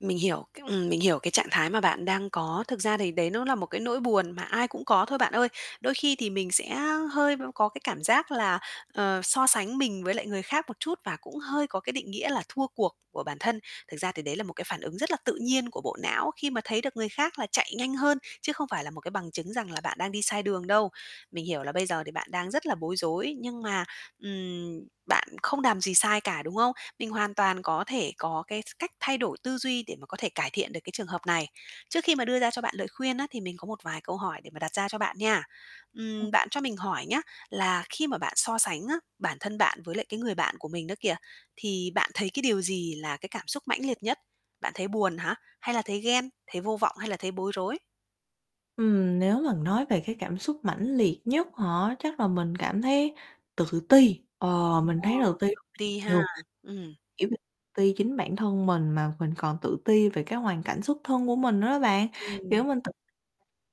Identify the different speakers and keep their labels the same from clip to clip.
Speaker 1: Mình hiểu cái ừm, mình hiểu cái trạng thái mà bạn đang có. Thực ra thì đấy nó là một cái nỗi buồn mà ai cũng có thôi bạn ơi. Đôi khi thì mình sẽ hơi b có cái cảm giác là, ờ, so sánh mình với người khác một chút và cũng hơi có cái định nghĩa là thua cuộc của bản thân. Thực ra thì đấy là một cái phản ứng rất là tự nhiên của bộ não khi mà thấy được người khác là chạy nhanh hơn, chứ không phải là một cái bằng chứng rằng là bạn đang đi sai đường đâu. Mình hiểu là bây giờ thì bạn đang rất là bối rối nhưng mà, ừm, bạn không làm gì sai cả, đúng không? Mình hoàn toàn có thể có cái s cách thay đổi tư duy để mà có thể cải thiện được cái trường hợp này. Trước khi mà đưa ra cho bạn lời khuyên á thì mình có một vài câu hỏi để mà đặt ra cho bạn nha.
Speaker 2: Ờ.
Speaker 1: Ừm, bạn cho mình hỏi nhá, là khi mà bạn so sánh á, bản thân bạn với lại cái người bạn của mình đó kìa, thì bạn thấy cái điều gì là cái cảm xúc mãnh liệt nhất? Bạn thấy buồn hả? Hay là thấy ghen, thấy vô vọng hay là thấy bối rối?
Speaker 2: Ừm, nếu mà nói về cái cảm xúc mãnh liệt nhất hả? Chắc là mình cảm thấy tự ti, ờ,
Speaker 1: Ừm,
Speaker 2: mình
Speaker 1: ờ,
Speaker 2: thấy tự ti
Speaker 1: tự ti ha,
Speaker 2: nhiều.
Speaker 1: ừm.
Speaker 2: Kiểu như ti chính bản thân mình mà mình còn tự ti về cái hoàn cảnh xuất thân của mình nữa đó bạn, kiểu,
Speaker 1: Ừm.
Speaker 2: mình tự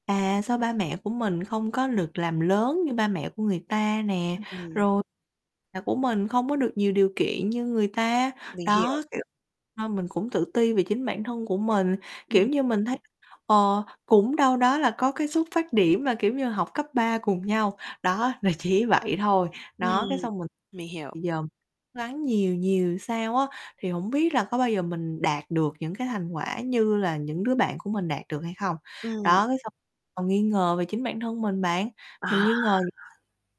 Speaker 2: à, sao ba mẹ của mình không có lược làm lớn như ba mẹ của người ta nè,
Speaker 1: Ưm, ừm.
Speaker 2: rồi là của mình không có được nhiều điều kiện như người ta,
Speaker 1: Mình hiểu.
Speaker 2: đó, kiểu, nên mình cũng tự ti về chính bản thân của mình,
Speaker 1: Ừm.
Speaker 2: kiểu như, mình thấy, ờ, cũng đâu đó là có cái xuất phát điểm là, kiểu như, học cấp 3 cùng nhau, đó là chỉ vậy thôi.
Speaker 1: Ừm,
Speaker 2: Đó, cái xong mình
Speaker 1: mình hiểu.
Speaker 2: thì giờ gắng nhiều nhiều sao á thì hổng biết là có bao giờ mình đạt được những cái thành quả như là những đứa bạn của mình đạt được hay không.
Speaker 1: Ừm.
Speaker 2: Đó, cái xong còn nghi ngờ về chính bản thân mình bạn, mình
Speaker 1: À.
Speaker 2: nghi ngờ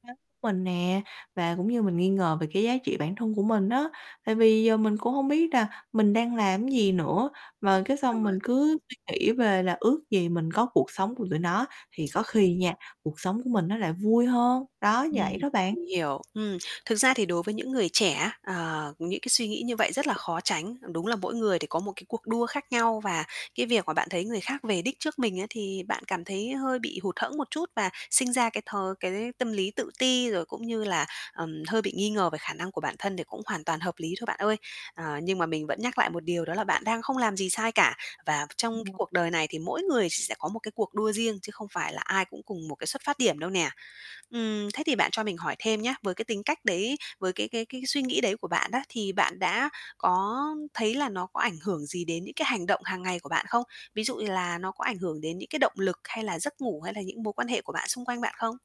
Speaker 2: [unintelligible] của mình nè, và cũng như mình nghi ngờ về cái giá trị bản thân của mình á. Tại vì giờ mình cũng hông biết là mình đang làm gì nữa mà cái
Speaker 1: Đúng
Speaker 2: xong
Speaker 1: rồi.
Speaker 2: mình cứ suy nghĩ về là ước gì mình có cuộc sống của tụi nó thì có khi nha cuộc sống của mình nó lại vui hơn, đó,
Speaker 1: Ừm,
Speaker 2: vậy đó bạn.
Speaker 1: mình hiểu. Ừm. Thực ra thì đối với những người trẻ, ờ, những cái suy nghĩ như vậy rất là khó tránh. Đúng là mỗi người thì có một cái cuộc đua khác nhau và cái việc mà bạn thấy người khác về đích trước mình ấy thì bạn cảm thấy hơi bị hụt hẫng một chút và sinh ra cái th cái tâm lý tự ti, rồi cũng như là, ờm, hơi bị nghi ngờ về khả năng của bản thân đề cũng hoàn toàn hợp lý thôi bạn ơi. Ờ, nhưng mà mình vẫn nhắc lại một điều đó là bạn đang không làm gì sai cả. Và trong cái
Speaker 2: [unintelligible]
Speaker 1: cuộc đời này thì mỗi người sẽ có một cái cuộc đua riêng chứ không phải là ai cũng cùng một cái xuất phát điểm đâu nè. Ừm, thế thì bạn cho mình hỏi thêm nhá, với, cái tính cách đấy với cái cái cái suy nghĩ đấy của bạn á, thì bạn đã có thấy là nó có ảnh hưởng gì đến những cái hành động hàng ngày của bạn không? Ví dụ như là nó có ảnh hưởng đến những cái động lực hay là giấc ngủ hay là những mối quan hệ của bạn xung quanh bạn không?